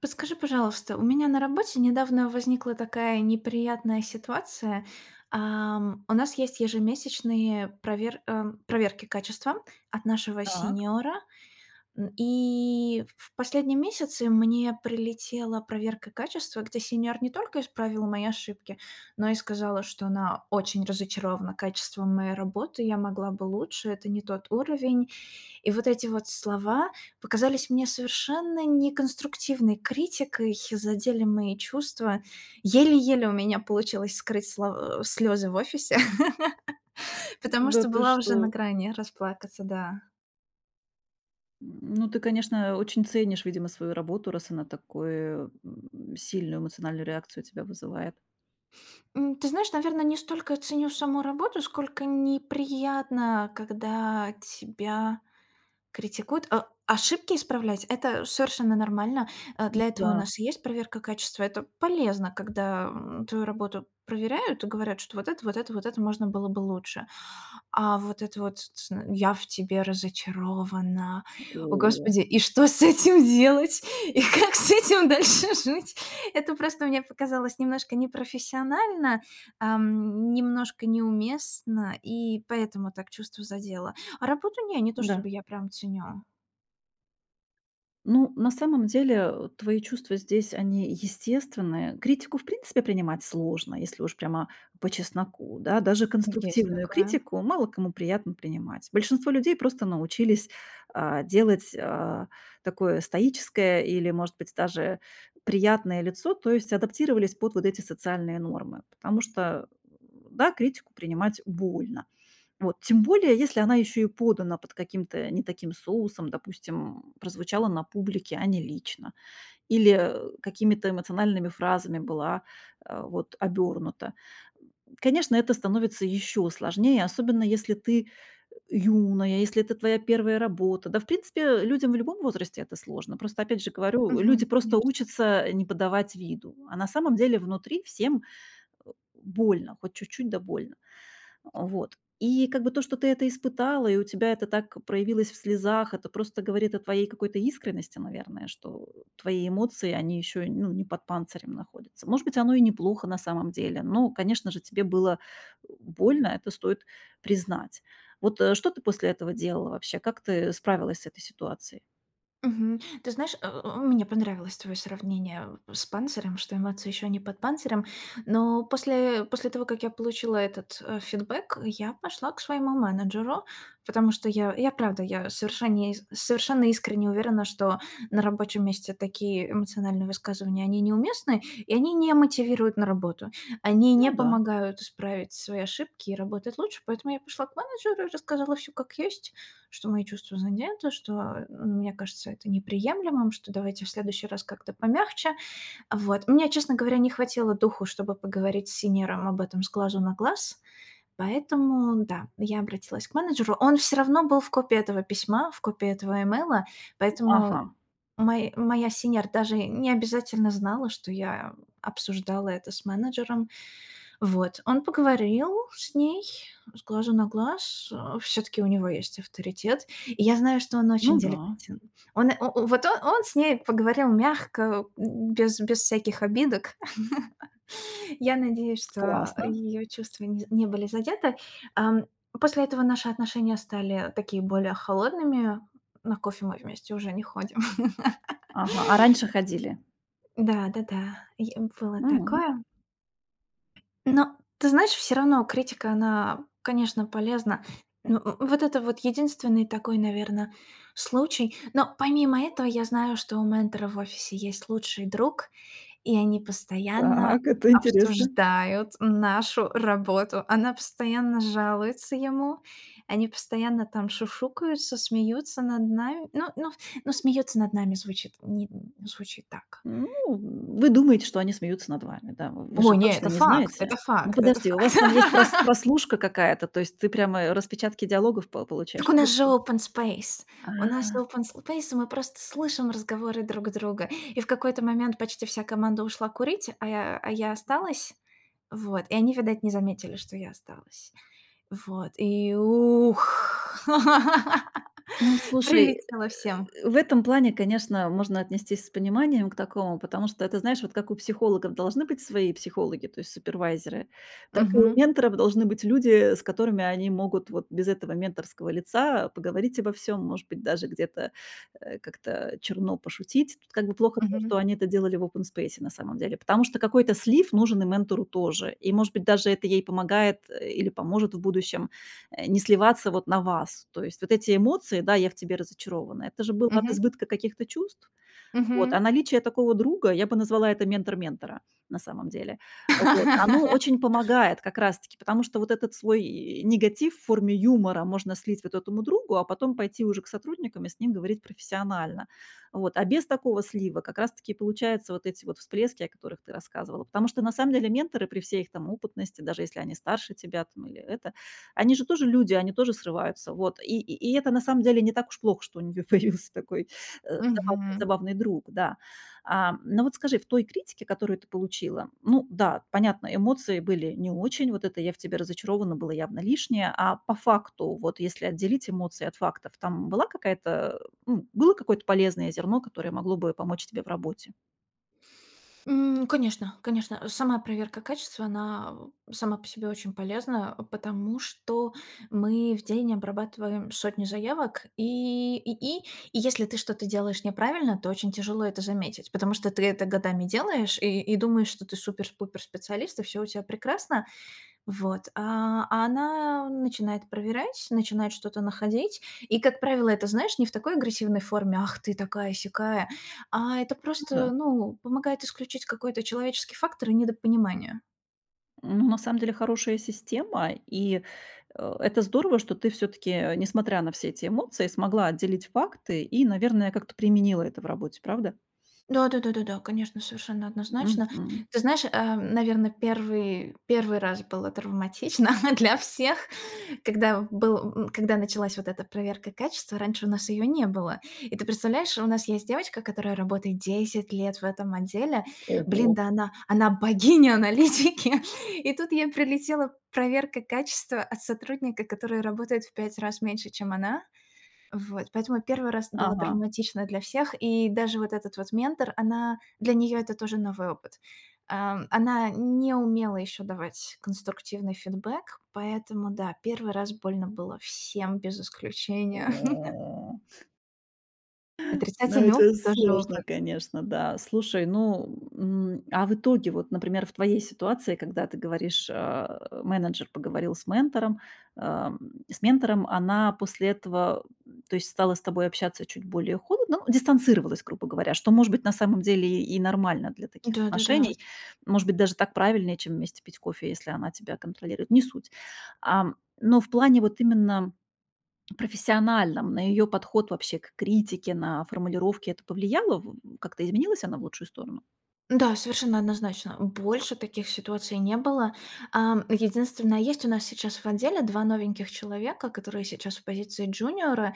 Подскажи, пожалуйста, у меня на работе недавно возникла такая неприятная ситуация. Ам, у нас есть ежемесячные провер ам, проверки качества от нашего Так. сеньора, м. И в в последние месяцы мне прилетела проверка качества, где сеньор не только исправил мои ошибки, но и сказала, что она очень разочарована качеством моей работы, я могла бы лучше, это не тот уровень. И вот эти вот слова показались мне совершенно неконструктивной критикой, задели мои чувства. Еле-еле у меня получилось скрыть слов э, слёзы в офисе, М, потому да что ты была уже на что? грани расплакаться, да. М, ну, ты, конечно, очень ценишь, видимо, свою работу, раз она такую, м, сильную эмоциональную реакцию у тебя вызывает. М, ты знаешь, наверно, не столько ценю саму работу, сколько неприятно, когда тебя критикуют, э. Ошибки исправлять- это совершенно нормально, э, М, для этого у да. нас и есть проверка качества. Это полезно, когда, м, твою работу проверяют и говорят, что вот это, вот это, вот это можно было бы лучше. А вот это вот: "Ц ц н, я в тебе разочарована". М, О о! господи, и что с этим делать и как с этим дальше жить? Это просто мне показалось немножко непрофессионально, эм, немножко неуместно, и поэтому так чувство задело, а работу- не, не то Да. чтобы я прям ценю. Ну, на самом деле, э, твои чувства здесь, они естественные. Критику, в принципе, принимать сложно, если уж прямо по чесноку, да. Даже Есть конструктивную такая. критику мало кому приятно принимать. Большинство людей просто научились, а, делать, а, такое стоическое или, может быть, даже приятное лицо, то есть адаптировались под вот эти социальные нормы, потому что, м, да, критику принимать больно, вот. Тем более если она ещё и подана под каким-то, э, не таким соусом, допустим, прозвучала на публике, а не лично, или, э, какими-то эмоциональными фразами была, э, вот, обёрнута. Конечно, это становится ещё сложнее, особенно если ты, э, юная, если это твоя 1 работа. Да, в принципе, э, людям в любом возрасте это сложно. Просто, опять же говорю, люди Мгм, просто конечно. учатся, э, не подавать виду, а на самом деле внутри всем, э, больно, хоть чуть-чуть, да больно. А, вот. И как бы то, что ты это испытала, и у тебя это так проявилось в слезах- это просто говорит о твоей какой-то искренности, наверное, что, э, твои эмоции, они ещё, ну, не под панцирем находятся. Может быть, оно и неплохо на самом деле, но, конечно же, тебе было, э, больно, это стоит признать. Вот, э, что ты после этого делала вообще? Как ты справилась с этой ситуацией? Мгм, ты знаешь, э, э, э, мне понравилось твое сравнение, э, с панцирем, что эмоция еще не под панцирем. Но после после того, как я получила этот, э, фидбек, я пошла к своему менеджеру, потому что я, я, правда, я, совершенне совершенно искренне уверена, что на рабочем месте такие эмоциональные высказывания, они неуместны, и они не мотивируют на работу. Они не Ну да. помогают исправить свои ошибки и работать лучше. Поэтому я пошла к менеджеру и рассказала всё как есть, что мои чувства задеты, что, э, мне кажется это неприемлемым, что давайте в следующий раз как-то помягче. Вот, мне, честно говоря, не хватило духу, чтобы поговорить с сеньором об этом с глазу на глаз, поэтому, да, я обратилась к менеджеру. Он всё равно был в копии этого письма, в копии этого имейла, поэтому Ага. мой моя сеньор даже не обязательно знала, что я, э, обсуждала это с менеджером. Вот, он поговорил с ней с глазу на глаз, э, всё-таки у него есть авторитет, и я знаю, что он очень Ну да. деликатен. Он, о о вот, о он с ней поговорил мягко, м, без без всяких обидок. Я надеюсь, что, э, Классно. её чувства не з не были задеты. Ам, после этого наши отношения стали, э, такие более холодными, на кофе мы вместе уже не ходим. Ага, а раньше ходили? Да, да-да, е было М. такое. Но, ты знаешь, всё равно критика, она, э, конечно, полезна. Но в вот это вот единственный такой, наверно, случай. Но помимо этого, я знаю, что у ментора в офисе есть лучший друг, и они постоянно Так, это интересно. обсуждают нашу работу. Она постоянно жалуется ему, они постоянно там шушукаются, смеются над нами. Ну ну ну, "смеётся над нами" звучит нин звучит так. Ну, в вы думаете, что они смеются над вами, да? В вы же Ой, нет, точно это не факт, знаете, э. это Ну, факт, это подожди, у вас там есть прос факт! прослушка какая-то, то есть ты прямо и распечатки диалогов по Так получаешь, у нас вот же ты? open space, у нас А. open space, и мы просто слышим разговоры друг друга, и в какой-то момент почти вся команда ушла курить, а я, э, а я осталась. Вот, и они, видать, не заметили, что я осталась. Вот, и ух, Ну, слушай, э, прилетело всем. э, в этом плане, конечно, можно отнестись с пониманием к такому, потому что это, знаешь, вот как у психологов должны быть свои психологи, то есть супервайзеры, так и у Мгм. менторов должны быть люди, э, с которыми они могут вот без этого менторского лица поговорить обо всём, может быть, даже где-то, э, как-то, э, черно пошутить. Тут как бы плохо то, что Мгм. они это делали в опенспейсе на самом деле, потому что какой-то слив нужен и ментору тоже. И, может быть, даже это ей помогает, э, или поможет в будущем, э, не сливаться вот на вас. То есть вот эти эмоции: "Да, я в тебе разочарована"- это же было от Мгм. избытка каких-то чувств, вот, а Мгм. наличие такого друга, я бы назвала это "ментор ментора", на самом деле, вот, оно очень помогает как раз-таки, потому что вот этот свой негатив в форме юмора можно слить вот этому другу, а потом пойти уже к сотрудникам и с ним говорить профессионально. Вот, а без такого слива как раз таки и получаются вот эти вот всплески, о которых ты рассказывала. Потому что на самом деле менторы при всей их там опытности, даже если они старше тебя там или это, они же тоже люди, они тоже срываются, вот, и и и это на самом деле не так уж плохо, что у них появился такой, э, забавный Мгм. забавный друг, да. Ам, но вот скажи, в той критике, которую ты получила, ну да, понятно, эмоции были не очень, вот это "я в тебе разочарована" было явно лишнее, а по факту, вот если отделить эмоции от фактов, там была какая-то э, ну, было какое-то полезное зерно, которое могло бы помочь тебе в работе? М. Конечно, конечно, сама проверка качества, она, а, сама по себе очень полезна, а, потому что мы в день обрабатываем сотни заявок и и и если ты что-то делаешь неправильно, то очень тяжело это заметить. Потому что ты это годами делаешь и и думаешь, что ты супер с пупер специалист и всё у тебя прекрасно. Вот, а она начинает проверять, начинает что-то находить, и, как правило, это, знаешь, не в такой агрессивной форме ах, ты такая-сякая, а это Ну просто, да. ну, помогает исключить какой-то человеческий фактор и недопонимание. Ну на самом деле хорошая система, и, а, это здорово, что ты все-таки, а, несмотря на все эти эмоции, смогла отделить факты, и, наверное, как-то применила это в работе, правда? Да да да да да, конечно, совершенно однозначно. Мгм. Ты знаешь ам, наверно, первый первый раз было травматично для всех, когда в был, м, когда началась вот эта проверка качества, раньше у нас ее не было. И ты представляешь, у нас есть девочка, которая работает 10 лет в этом отделе, блин, Ого. да она, она богиня аналитики и тут ей прилетела проверка качества от сотрудника, который работает в 5 раз меньше, чем она. Вот поэтому первый раз было Ага. травматично для всех. И даже вот этот вот ментор, она для нее это тоже новый опыт. Ам, она не умела еще давать конструктивный фидбек, поэтому да, первый раз больно было всем без исключения. Ну, Отрицательный это опыт- тоже сложно, опыт. конечно, да. Слушай, ну, м, а в итоге вот, например, в твоей ситуации, когда ты говоришь, а, менеджер поговорил с ментором, ам с ментором. Она после этого, м то есть, стала с тобой общаться чуть более холодно, ну дистанцировалась, грубо говоря. Что может быть на самом деле и нормально для таких Да-да-да. отношений, может быть даже так правильнее, чем вместе пить кофе, если она тебя контролирует. Не суть. Ам. Но в плане вот именно профессиональном, на её подход, вообще, к критике, на формулировке это повлияло? В в как-то изменилась она в лучшую сторону? Да, совершенно однозначно, больше таких ситуаций не было. Ам, единственное, есть у нас сейчас в отделе 2 новеньких человека, которые сейчас в позиции джуниора,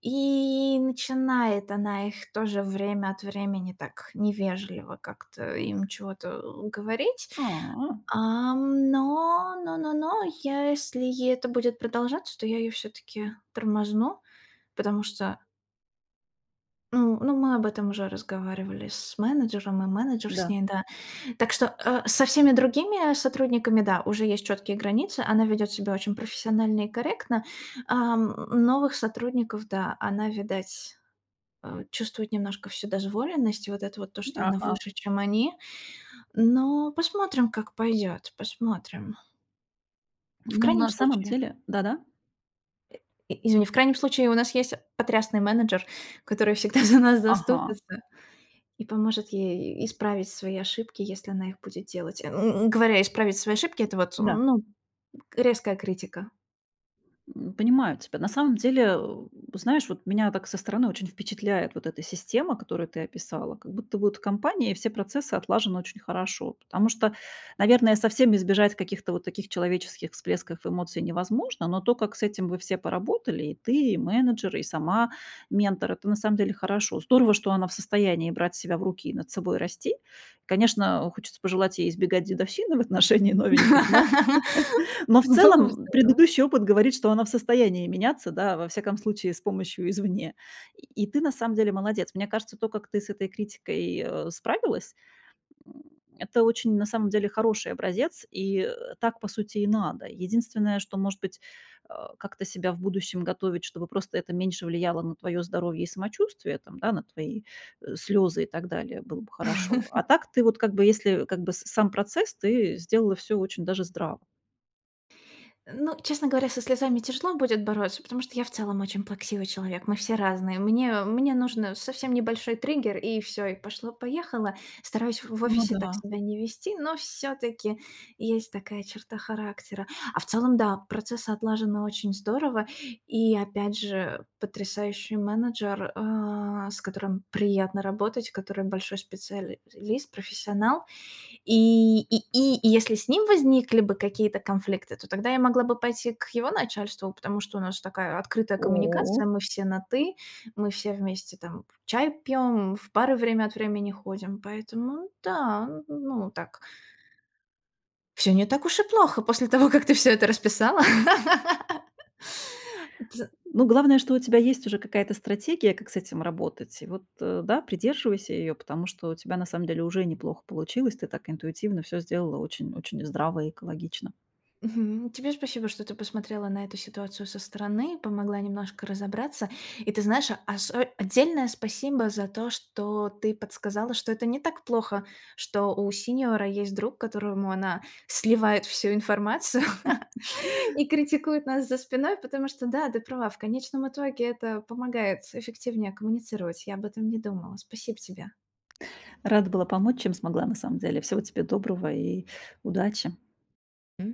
и начинает она их тоже, время от времени, так невежливо как-то им чего-то говорить. А. Ам, но но но но, я, если это будет продолжаться, то я её всё-таки тормозну, потому что Ну ну, мы об этом уже разговаривали с менеджером, и менеджер с Да. ней, да. Так что, а, со всеми другими, а, сотрудниками, да, уже есть чёткие границы, она ведёт себя очень профессионально и корректно. Ам, э, новых сотрудников, да, она, видать, а, чувствует немножко вседозволенность, и вот это вот то, что она Ага. выше, чем они. Но посмотрим, как пойдёт, посмотрим. В Ну, крайнем на самом случае деле да да И извини, в крайнем случае, у нас есть потрясный менеджер, который всегда за нас Ага. заступится и поможет ей и исправить свои ошибки, если она их будет делать. Э, ну, и говоря "исправить свои ошибки", это вот, Да. ну, резкая критика. М, понимаю тебя. На самом деле, а, у по знаешь, вот, меня, так, со стороны, очень впечатляет вот эта система, которую ты описала. Как будто вот в компании и все процессы отлажены очень хорошо. Потому что, наверное, совсем избежать каких-то вот таких человеческих всплесков эмоций невозможно, но то, как с этим вы все поработали: и ты, и менеджер, и сама ментор- это на самом деле хорошо. Здорово, что она в состоянии брать себя в руки и над собой расти. Конечно, у хочется пожелать ей избегать дедовщины в отношении новеньких, но но в Ну, целом, было бы м, здорово. предыдущий опыт говорит, что она в состоянии меняться, да, во всяком случае с помощью извне, и и ты на самом деле молодец. Мне кажется, то, как ты с этой критикой, а, справилась, м, это очень, на самом деле, хороший образец, и, а, так, по сути, и надо. Единственное, что, может быть, а, как-то себя в будущем готовить, чтобы просто, это меньше влияло на твоё здоровье и самочувствие, там на твои, э, слёзы и так далее, было бы хорошо. А так ты вот, как бы, если, как бы, с сам процесс, ты сделала всё очень даже здраво. Ну, честно говоря, со слезами тяжело будет бороться, потому что я в целом очень плаксивый человек. Мы все разные, мне мне нужно совсем небольшой триггер, и всё, и пошло-поехало. Стараюсь в в Ну офисе так да. себя не вести, но всё-таки, есть такая черта характера. А в целом, да, процесс отлажен на очень здорово. И, опять же, э, потрясающий менеджер, а, с которым приятно работать, который большой специал лист, профессионал. И и и и если с ним возникли бы какие-то конфликты, то тогда я могла бы пойти к его начальству, потому что у нас такая открытая коммуникация: О! мы все на ты, мы все вместе там чай пьём, в бары время от времени ходим, поэтому, да, ну да, н ну вот так. Всё не так уж и плохо, после того, как ты всё это расписала. Дил Ну, главное, что у тебя есть уже какая-то стратегия, как с этим работать. И вот, а, да, придерживайся её, потому что у тебя на самом деле уже неплохо получилось. Ты так интуитивно всё сделала очень очень здраво и экологично. Мгм, тебе спасибо, что ты посмотрела на эту ситуацию со стороны, помогла немножко разобраться. И ты знаешь, осо отдельное спасибо за то, что ты подсказала, что это не так плохо. Что у сеньора есть друг, которому она сливает всю информацию и критикует нас за спиной, потому что, да, ты права, в конечном итоге это помогает с эффективней коммуницировать. Я об этом не думала, спасибо тебе. Рада была помочь, чем смогла, на самом деле. Всего тебе доброго и удачи! М.